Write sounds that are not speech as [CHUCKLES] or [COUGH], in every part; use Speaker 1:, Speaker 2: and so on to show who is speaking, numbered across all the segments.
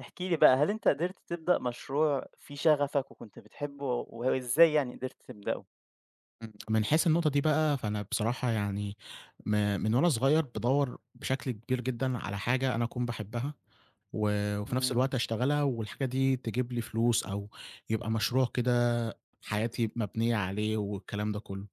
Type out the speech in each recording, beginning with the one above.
Speaker 1: احكِ لي بقى، هل أنت قدرت تبدأ مشروع فيه شغفك وكنت بتحبّه و وإزاي يعني قدرت تبدؤه؟
Speaker 2: إمم، من حيث النقطة دي بقى، فأنا بصراحة يعني ما من وأنا صغيّر بادوّر بشكل كبير جدًا على حاجة أنا أكون باحبّها و وفي نَفْس
Speaker 1: إمم.
Speaker 2: الوقت أشتغلها والحاجة دي تجيب لي فلوس أو يبقى مشروع كده حياتي مبنيّة عليه والكلام ده كُلّه.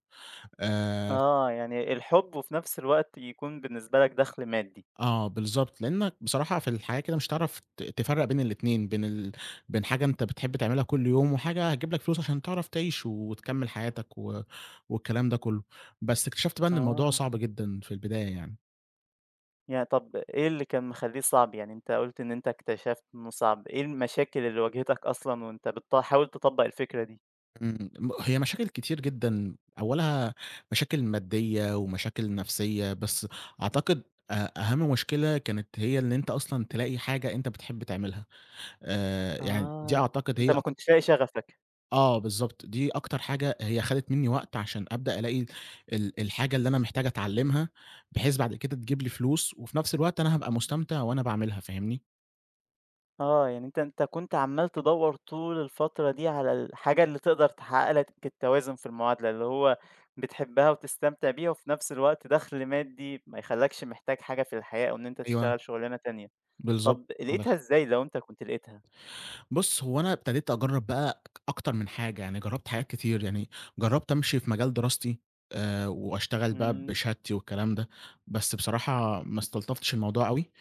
Speaker 2: آآ ف
Speaker 1: آه، يعني الحُب وفي نَفْس الوقت يكون بالنسبة لك دَخْل مادّي.
Speaker 2: آه بالضبط، لإنّك بصراحة في الحياة كده مش هتعرف ت تفرّق بين الاتنين بين ال بين حاجة أنت بتحب تعملها كل يوم وحاجة هتجيب لك فلوس عشان تعرف تعيش وتكمّل حياتك و والكلام ده كُلّه، بس اكتشفت بقى إن الموضوع
Speaker 1: آه.
Speaker 2: صعب جدًا في البداية يعني.
Speaker 1: يعني طَب إيه اللي كان مخلّيه صعب، يعني أنت قُلت إن أنت اكتشفت إنه صعب، إيه المشاكل اللي واجهتك أصلًا وأنت بتحاول تطبّق الفكرة دي؟
Speaker 2: إمم، م هي مشاكل كتير جدًا أوّلها مشاكل ماديّة ومشاكل نَفْسيّة، بس أعتقد أ أهَم مشكلة كانت هي اللي أنت أصلًا تلاقي حاجة أنت بتحب تعملها، آآ يعني دي
Speaker 1: آه،
Speaker 2: أعتقد
Speaker 1: أنت
Speaker 2: هي
Speaker 1: ما
Speaker 2: أك
Speaker 1: كنتش لاقي شغفك.
Speaker 2: آه بالضبط، دي أكتر حاجة هي خدت منّي وقت عشان أبدأ ألاقي ال الحاجة اللي أنا محتاج أتعلّمها، بحيث بعد كده تجيب لي فلوس وفي نفْس الوقت أنا هابقى مستمتع وأنا باعملها فاهمني؟
Speaker 1: آه، يعني أنت أنت كنت عمّال تدوّر طول الفترة دي على الحاجة اللي تقدر تحقق لك التوازن في المعادلة اللي هو بتحبها وتستمتع بيها وفي نفْس الوقت دخل مادي ما يخلاكش محتاج حاجة في الحياة أو إن أنت
Speaker 2: أيوه.
Speaker 1: تشتغل شغلانة تانية،
Speaker 2: بالضبط
Speaker 1: طَب
Speaker 2: عندك
Speaker 1: لاقيتها
Speaker 2: حق.
Speaker 1: إزاي، لو أنت كنت لاقيتها؟
Speaker 2: بُص هو أنا ابتديت أجرّب بقى أكتر من حاجة، يعني جرّبت حاجات كتير يعني جرّبت أمشي في مجال دراستي آآ وأشتغل بقى
Speaker 1: إمم.
Speaker 2: بشهادتي والكلام ده بس بصراحة ما استلطفتش الموضوع أوي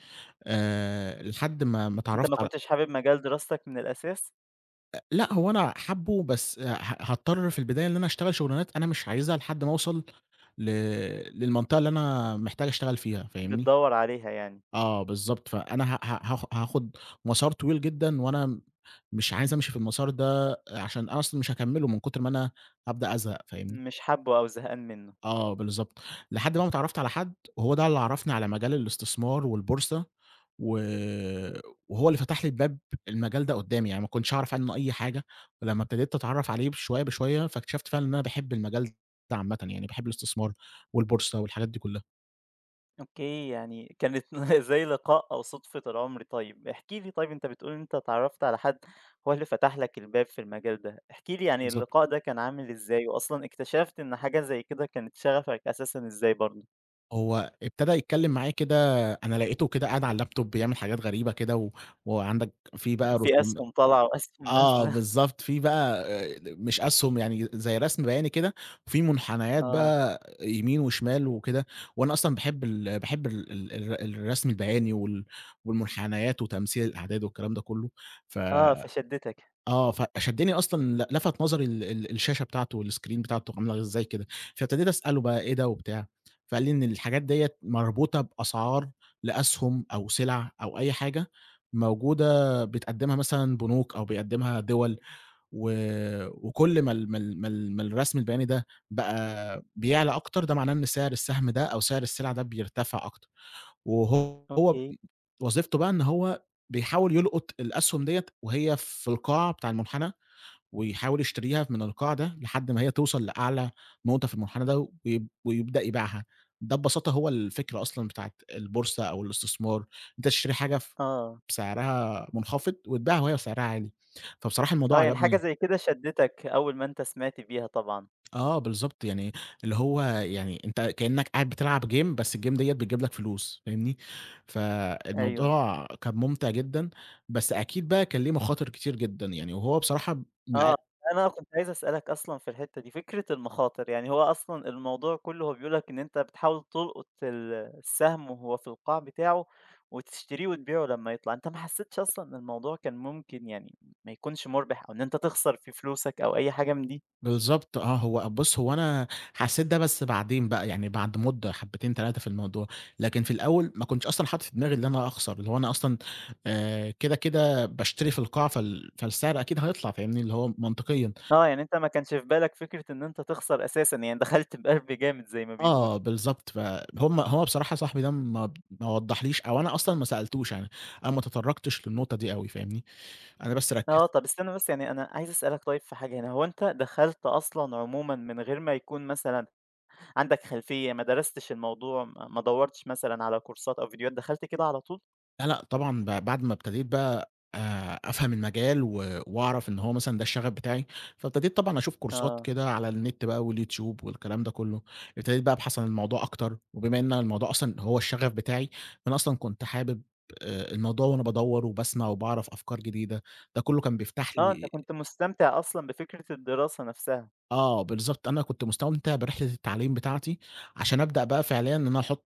Speaker 2: آآ لحد ما ما
Speaker 1: أنت ما
Speaker 2: اتعرّفت على
Speaker 1: كنتش حابب مجال دراستك من الأساس؟
Speaker 2: أ لأ، هو أنا حابُّه بس ه هاضطر في البداية إن أنا أشتغل شغلانات أنا مش عايزها لحد ما أوصل ل للمنطقة اللي أنا محتاج أشتغل فيها فاهمني؟
Speaker 1: بتدوّر عليها يعني.
Speaker 2: آه بالضبط، فأنا ه ه هاخ هاخد مسار طويل جدًا وأنا م مش عايز أمشي في المسار ده عشان أصل مش هاكمله من كتر ما أنا هابدأ أزهق، فاهمني؟
Speaker 1: مش حابُّه أو زهقان منهُ؟
Speaker 2: آه بالضبط لحد بقى ما اتعرّفت على حد وهو ده اللي عرّفني على مجال الاستثمار والبورصة و وهو اللي فتح لي الباب المجال ده قدّامي، يعني ما كنتش أعرف عنه أي حاجة، ولمّا ابتديت أتعرّف عليه شوية بشوية فاكتشفت فعلًا إن أنا باحب المجال ده عامةً يعني، باحب الإستثمار والبورصة والحاجات دي كلّها.
Speaker 1: أوكي، يعني كانت [CHUCKLES] زي لقاء، أو صُدفة العمر. طيب، احكِ لي طيب أنت بتقول إن أنت اتعرّفت على حد هو اللي فتح لك الباب في المجال ده، احكِ لي يعني
Speaker 2: بالضب
Speaker 1: اللقاء ده كان عامل إزاي وأصلًا اكتشفت إن حاجة زي كده كانت شغفك أساسًا إزاي برضه؟
Speaker 2: هو ابتدى يتكلِّم معايا كده، أنا لقيته كده قاعد على اللاب توب بيعمل حاجات غريبة كده و وعندك في بقى
Speaker 1: في
Speaker 2: رسوم
Speaker 1: أسْهُم طالعه، وأسْهُم
Speaker 2: آه
Speaker 1: نازلة.
Speaker 2: بالضبط، في بقى ال مش أسْهُم، يعني زي رسم بياني كده فيه مُنحنيات
Speaker 1: آه.
Speaker 2: بقى يمين وشمال وكده وأنا أصلًا باحب ال باحب ال ال الر الرسم البياني وال والمُنحنيات وتمثيل الأعداد والكلام ده كُلّه، ف
Speaker 1: آه، فشدّتك.
Speaker 2: آه، فشدّني أصلًا لَ لفَت نظري ال ال الشاشة بتاعته والسكرين بتاعته عامله إزاي كده؟ فابتديت أسأله بقى: "إيه ده؟" وبتاع، فقال لي إن الحاجات ديَّة مربوطة بأسعار لأسْهُم أو سِلَع أو أي حاجة موجودة بتقدّمها مثلًا بنوك أو بيقدّمها دِوَل و وكل ما ال ما ال ما ال ما الرسم البياني ده بقى بيعلى أكتر، ده معناه إن سعر السهم ده أو سعر السِلَع ده بيرتفع أكتر. وهو ب
Speaker 1: أوكي.
Speaker 2: وظيفته بقى إن هو بيحاول يلقُط الأسْهُم ديّة وهي في القاع بتاع المُنحنى ويحاول يشتريها من القاع ده لحد ما هي توصل لأعلى نقطة في المُنحنى ده، ويب ويبدأ يبيعها. ده ببساطة هو الفكرة أصلًا بتاعة البورصة أو الاستثمار، أنت تشتري حاجة ف
Speaker 1: آه.
Speaker 2: بسعرها منخفض وتبيعها وهي سعرها عالي، فبصراحة
Speaker 1: آه،
Speaker 2: الموضوع
Speaker 1: يعني حاجة
Speaker 2: عجبني.
Speaker 1: زي كده شدَّتك أول ما أنت سمعت بيها طبعًا.
Speaker 2: آه بالضبط، يعني اللي هو يعني أنت كإنّك قاعد بتلعب game، بس الgame ديّة بتجيب لك فلوس، فاهمني،
Speaker 1: أيوه.
Speaker 2: فالموضوع كان مُمتع جدًا، بس أكيد بقى كان ليه مخاطر كتير جدًا، يعني وهو بصراحة
Speaker 1: آه،
Speaker 2: [UNINTELLIGIBLE]
Speaker 1: أنا كنت عايز أسألك أصلًا في الحتّة دي، فكرة المخاطر، يعني هو أصلًا الموضوع كُلّه هو بيقول لك إن أنت بتحاول تلقط ال السهم وهو في القاع بتاعه، وتشتريه، وتبيعه لمّا يطلع، أنت ما حسّيتش أصلًا إن الموضوع كان ممكن يعني ما يكونش مُربح أو إن أنت تخسر فيه فلوسك أو أي حاجة من دي؟
Speaker 2: بالضبط آه، هو بُص، هو أنا حسّيت ده بس بعدين بقى، يعني بعد مدة حبّتين، 3 في الموضوع، لكن في الأول ما كنتش أصلًا حاطط في دماغي إن أنا أخسر، اللي هو أنا أصلًا آآ كده، كده باشتري في القاع، فال فالسعر أكيد هيطلع، فاهمني، اللي هو منطقيًا.
Speaker 1: آه، يعني أنت ما كانش في بالك فكرة إنه أنت تخسر أساسًا، يعني دخلت بِقلب جامد زي ما
Speaker 2: آه
Speaker 1: بيقولوا.
Speaker 2: بالضبط، ف هم هو بصراحة صاحبي ده ما ب ما وضّحليش أو أنا أصلًا ما سألتوش، يعني أنا ما تطرّقتش للنقطة دي أوي فاهمني، أنا بس
Speaker 1: آه،
Speaker 2: ركِّزت
Speaker 1: طَب استنّى بس يعني أنا عايز أسألك طيب في حاجة هنا، هو أنت دخلت أصلًا عمومًا من غير ما يكون مثلًا عندك خلفية، ما درستش الموضوع، ما ما دوّرتش مثلًا على كورسات أو فيديوهات، دخلت كده على طول؟
Speaker 2: لأ، لأ، طبعًا ب بعد ما ابتديت بقى آآ، أفهم المجال و وأعرف إن هو مثلًا ده الشغف بتاعي، فابتديت طبعًا أشوف كورسات
Speaker 1: آه.
Speaker 2: كده على النت بقى والYouTube والكلام ده كلّه، ابتديت بقى أبحث الموضوع أكتر وبما إن الموضوع أصلًا هو الشغف بتاعي، فأنا أصلًا كنت حابب آآ، الموضوع وأنا بادوّر وباسمع وباعرف أفكار جديدة، ده كلّه كان بيفتح
Speaker 1: آه، أنت
Speaker 2: لي
Speaker 1: كنت مُستَمتع أصلًا بفكرة الدراسة نَفْسها.
Speaker 2: آه، بالضبط أنا كنت مستمتع برحلة التعليم بتاعتي، عشان ابدأ بقى فعليًا إن أنا أحط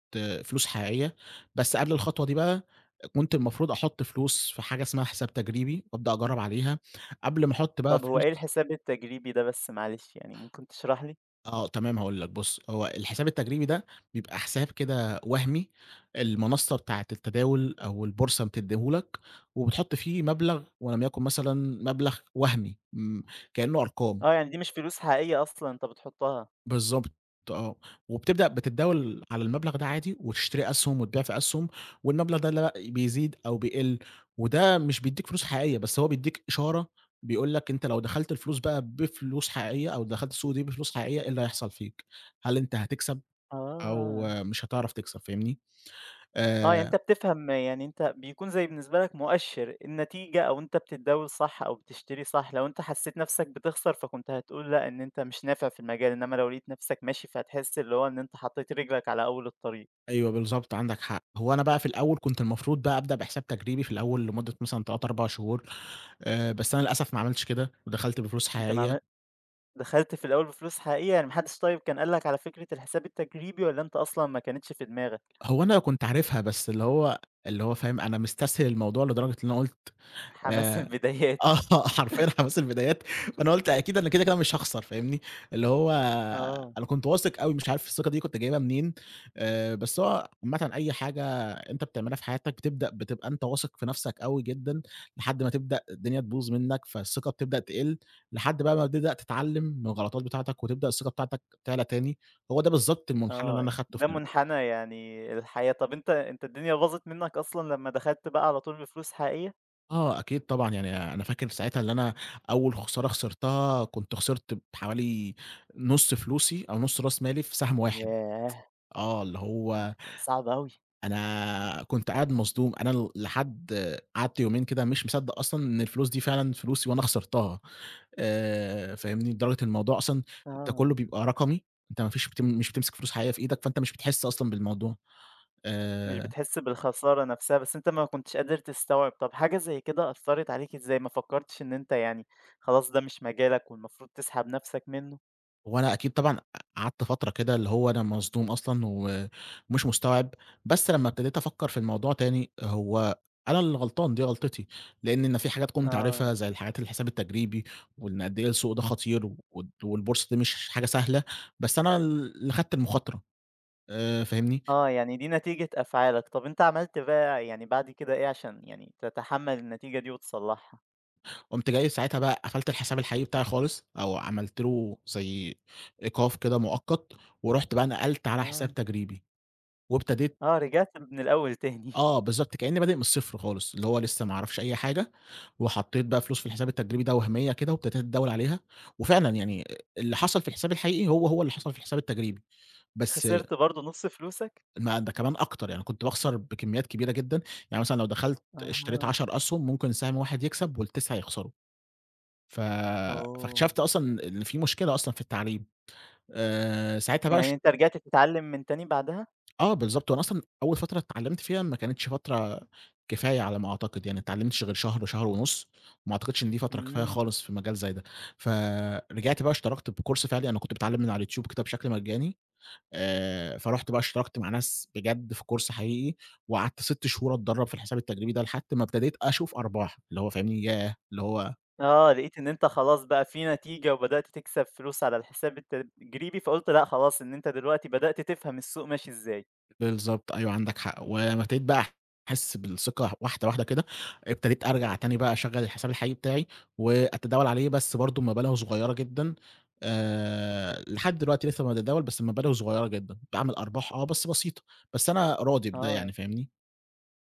Speaker 2: فلوس حقيقية، بس قبل الخطوة دي بقى كنت المفروض أحط فلوس في حاجة اسمها حساب تجريبي وابدأ أجرّب عليها قبل ما أحط بقى
Speaker 1: طَب هو إيه
Speaker 2: فلوس
Speaker 1: الحساب التجريبي ده بس معلش، يعني ممكن تشرح لي؟
Speaker 2: آه، تمام هاقول لك، بُص، هو الحساب التجريبي ده، بيبقى حساب كده وهمي المنصة بتاعة التداول أو البورصة بتدّيه لك وبتحط فيه مبلغ ولم يكن مثلًا مبلغ وهمي م كإنّه أرقام.
Speaker 1: آه، يعني دي مش فلوس حقيقية أصلًا أنت بتحطّها.
Speaker 2: بالضبط آه، وبتبدأ بتتداول على المبلغ ده عادي وتشتري أسهُم وتبيع في أسهُم والمبلغ ده اللي لا بيزيد أو بيقل وده مش بيدّيك فلوس حقيقية بس هو بيدّيك إشارة بيقول لك أنت لو دخلت الفلوس بقى بفلوس حقيقية أو دخلت السوق دي بفلوس حقيقية إيه اللي هيحصل فيك، هل أنت هتكسب أو
Speaker 1: آه.
Speaker 2: مش هتعرف تكسب فاهمني؟
Speaker 1: آه، يعني
Speaker 2: آآ
Speaker 1: أنت بتفهم يعني أنت بيكون زي بالنسبة لك مؤشر، النتيجة أو أنت بتتداول صح أو بتشتري صح لو أنت حسّيت نَفْسك بتخسر فكنت هتقول لأ، إن أنت مش نافع في المجال إنّما لو لقيت نَفْسك ماشي فتحس اللي هو إن أنت حطّيت رجلك على أول الطريق.
Speaker 2: أيوه، بالضبط عندك حق، هو أنا بقى في الأول كنت المفروض بقى أبدأ بحساب تجريبي في الأول لمدة مثلًا 3، 4 شهور آآ، بس أنا للأسف ما عملتش كده، ودخلت بفلوس
Speaker 1: أنت ما
Speaker 2: حقيقية.
Speaker 1: عم دخلت في الأول بفلوس حقيقة، يعني ما حدش طيب كان قال لك على فكرة الحساب التجريبي والّا أنت أصلًا ما كنتش في دماغك؟
Speaker 2: هو أنا كنت عارفها بس اللي هو اللي هو فاهم أنا مستسهل الموضوع لدرجة اللي أنا قُلت
Speaker 1: حماس
Speaker 2: آآ،
Speaker 1: البدايات.
Speaker 2: آه، حرفيًا حماس البدايات فأنا قُلت أكيد أنا كده، كده مش هاخسر فاهمني، اللي هو
Speaker 1: آه.
Speaker 2: أنا كنت واثق أوي مش عارف الثقة دي كنت جايبها منين آآ، بس هو عامةً أي حاجة أنت بتعملها في حياتك بتبدأ بتبقى أنت واثق في نَفْسك أوي جدًا لحد ما تبدأ الدنيا تبوظ منّك، فالثقة بتبدأ تقل لحد بقى ما بتبدأ تتعلّم من الغلطات بتاعتك وتبدأ الثقة بتاعتك تعلى تاني هو ده بالضبط المُنحنى اللي
Speaker 1: آه،
Speaker 2: أنا خدته
Speaker 1: ده
Speaker 2: في ال
Speaker 1: مُنحنى يعني الحياة. طَب أنت أنت الدنيا باظت منّك أصلًا لمّا دخلت بقى على طول بفلوس حقيقية؟
Speaker 2: آه، أكيد طبعًا. يعني أنا فاكر ساعتها اللي أنا أول خسارة خسرتها كنت خِسرت بحوالي نُص فلوسي، أو نُص رأس مالي في سهم واحد.
Speaker 1: ياه!
Speaker 2: آه، اللي هو
Speaker 1: [UNINTELLIGIBLE] صعب أوي.
Speaker 2: أنا كنت قاعد مصدوم أنا لحد قعدت يومين كده مش مصدق أصلًا إن الفلوس دي فعلًا فلوسي وأنا خسرتها. آآ، فاهمني؟ لدرجة إن الموضوع أصلًا ده
Speaker 1: آه.
Speaker 2: كله بيبقى رقمي أنت ما فيش مش بتمسِك فلوس حقيقية في إيدك فأنت مش بتحس أصلًا بالموضوع.
Speaker 1: مش
Speaker 2: آآ
Speaker 1: بتحس بالخسارة نفسها، بس أنت ما كنتش قادر تستوعب. طَب حاجة زَي كده أثرت عليك إزاي، ما فكرتش إن أنت يعني خلاص ده مش مجالك والمفروض تسحب نفسك منه؟
Speaker 2: وأنا أكيد طبعًا قع قعدت فَترة كده اللي هو أنا مصدوم أصلًا و ومش مُستوعِب، بس لما ابتديت أفكّر في الموضوع تاني، هو أنا اللي غلطان دي غلطتي، لإن إن أنا في حاجات كنت
Speaker 1: آه.
Speaker 2: عارفها زي الحاجات، الحساب التَّجريبي، وإن قَدّ إيه السوق ده خطير، و والبورصة دي مش حاجة سهلة بس أنا ال اللي أخدت المخاطرة. آآ، فاهمني؟
Speaker 1: آه، يعني دي نتيجة أفعالك. طَب أنت عملت بقى يعني بعد كده إيه، عشان يعني تتحمل النتيجة دي وتصلّحها؟
Speaker 2: قُمت جاي ساعتها بقى قفلت الحساب الحقيقي بتاعي خالص أو عملت له زي إيقاف كده مؤقّت ورُحت بقى نقلت على
Speaker 1: آه.
Speaker 2: حساب تجريبي، وابتديت
Speaker 1: آه رجعت من الأول تاني. [CHUCKLES]
Speaker 2: آه، بالضبط كأنّي بادئ من الصفر خالص، اللي هو لسّه ما أعرفش أي حاجة وحطّيت بقى فلوس في الحساب التجريبي ده وهمية كده وابتديت أتداول عليها، وفعلًا يعني اللي حصل في الحساب الحقيقي هو، هو اللي حصل في الحساب التجريبي، بس
Speaker 1: خسرت برضه نُص فلوسَك؟
Speaker 2: ما ده كمان أكتر يعني، كنت باخسر بكميات كبيرة جدًا، يعني مثلًا لو دخلت اشتريت
Speaker 1: أها.
Speaker 2: 10 أسهم ممكن سهم واحد يكسب وال9 يخسروا ف
Speaker 1: أوه!
Speaker 2: فاكتشفت أصلًا إن في مشكلة أصلًا في التعليم، آآ ساعتها بقى
Speaker 1: يعني
Speaker 2: اش
Speaker 1: أنت رجعت تتعلم من تاني بعدها؟
Speaker 2: آه، بالضبط. وأنا أصلًا أول فترة اتعلّمت فيها ما كانتش فترة كفاية على ما أعتقد يعني ما اتعلمتش غير شهر، شهر ونُص، وما أعتقدش إن دي فترة كفاية
Speaker 1: إمم.
Speaker 2: خالص في مجال زي ده، فرجعت بقى اشتركت بcourse فِعلي، أنا كنت باتعلم من على اليوتيوب كده بشكل مجاني آآ فرُحت بقى اشتركت مع ناس بجد في course حقيقي وقعدت 6 شهور أتدرّب في الحساب التجريبي ده، لحد ما ابتديت أشوف أرباح، اللي هو، فاهمني؟ ياه! اللي هو
Speaker 1: آه، لقيت إن أنت خلاص بقى في نتيجة، وبدأت تكسب فلوس على الحساب التجريبي، فقُلت لأ خلاص إن أنت دلوقتي بدأت تفهم السوق ماشي إزاي.
Speaker 2: بالضبط، أيوه عندك حق و وابتديت بقى أحس بالثقة واحدة واحدة كده، ابتديت أرجع تاني بقى أشغّل الحساب الحقيقي بتاعي وأتداول عليه بس برضه بمّبالغ صغيّرة جدًا آآ لحد دلوقتي لسه باتداول بس بمَبالغ صغيّرة جدًا، باعمل أرباح آه، بس بسيطة، بس أنا راضي بده يعني
Speaker 1: آه.
Speaker 2: فاهمني؟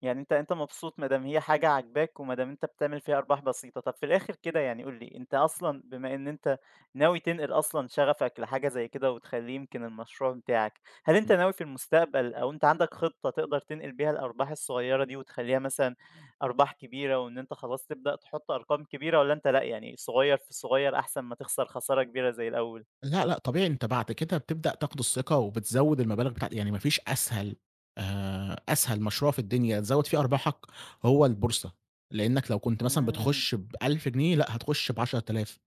Speaker 1: يعني أنت أنت مبسوط ما دام هي حاجة عاجباك وما دام أنت بتعمل فيها أرباح بسيطة، طَب في الآخر كده يعني قُل لي أنت أصلًا بما إن أنت ناوي تنقل أصلًا شغفك لحاجة زي كده وتخلّيه يمكن المشروع بتاعك، هل أنت
Speaker 2: إمم.
Speaker 1: ناوي في المستقبل أو أنت عندك خطّة تقدر تنقل بيها الأرباح الصغيّرة دي وتخلّيها مثلًا أرباح كبيرة وإن أنت خلاص تبدأ تحُط أرقام كبيرة والّا أنت لأ، يعني صغيّر في صغيّر أحسن ما تخسر خسارة كبيرة زي الأول؟
Speaker 2: لأ، لأ، طبيعي أنت بعد كده بتبدأ تاخُد الثقة وبتزوّد المَبالغ بتاع يعني ما فيش أسهل آآ أسهل مشروع في الدنيا تزوّد فيه أرباحك هو البورصة، لإنّك لو كنت مثلًا
Speaker 1: إمم.
Speaker 2: بتخُش ب1000 جنيه، لأ، هتخُش ب10000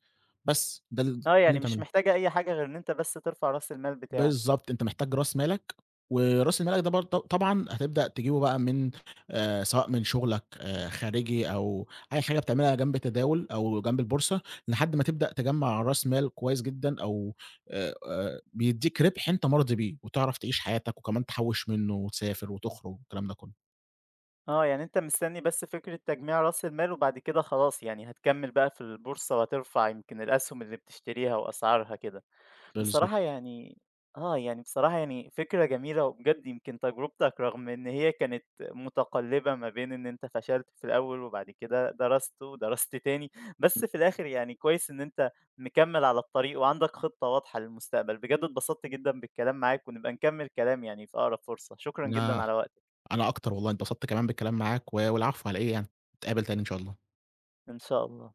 Speaker 2: بس ده ال كل
Speaker 1: آه،
Speaker 2: اللي
Speaker 1: يعني مش
Speaker 2: بتعمله.
Speaker 1: محتاجة أي حاجة غير إن أنت بس ترفع راس المال بتاعك.
Speaker 2: بالضبط، أنت محتاج راس مالك، وراس مَالك ده برضه ط طبعًا هتبدأ تجيبه بقى من آآ سواء من شُغلك آآ خارجي أو أي حاجة بتعملها جنب التداول أو جنب البورصة، لحد ما تبدأ تجمّع راس مال كويس جدًا أو آآ آآ بيدّيك رِبح أنت مَرضي بيه وتعرف تعيش حياتك وكمان تحوّش منّه وتسافر وتخرج والكلام ده كلّه.
Speaker 1: آه، يعني أنت مستني بس فكرة تجميع راس المال وبعد كده خلاص يعني هتكمّل بقى في البورصة وهترفع يمكن الأسهُم اللي بتشتريها وأسعارها كده بصراحة،
Speaker 2: بالضبط.
Speaker 1: يعني آه، يعني بصراحة يعني فكرة جميلة وبجد يمكن تجربتك رغم إن هي كانت مُتقلبة ما بين إن أنت فشلت في الأول وبعد كده درست ودرست تاني بس
Speaker 2: إمم.
Speaker 1: في الآخر يعني كويس إن أنت مكمّل على الطريق وعندك خطّة واضحة للمستقبل. بجد اتبسطت جدًا بالكلام معاك ونبقى نكمّل كلام يعني في أقرب فرصة، شكرًا جدًا
Speaker 2: أنا
Speaker 1: على وقتك.
Speaker 2: أنا أكتر والله انبسطت كمان بالكلام معاك و والعفو على إيه يعني نتقابُل تاني إن شاء الله.
Speaker 1: إن شاء الله.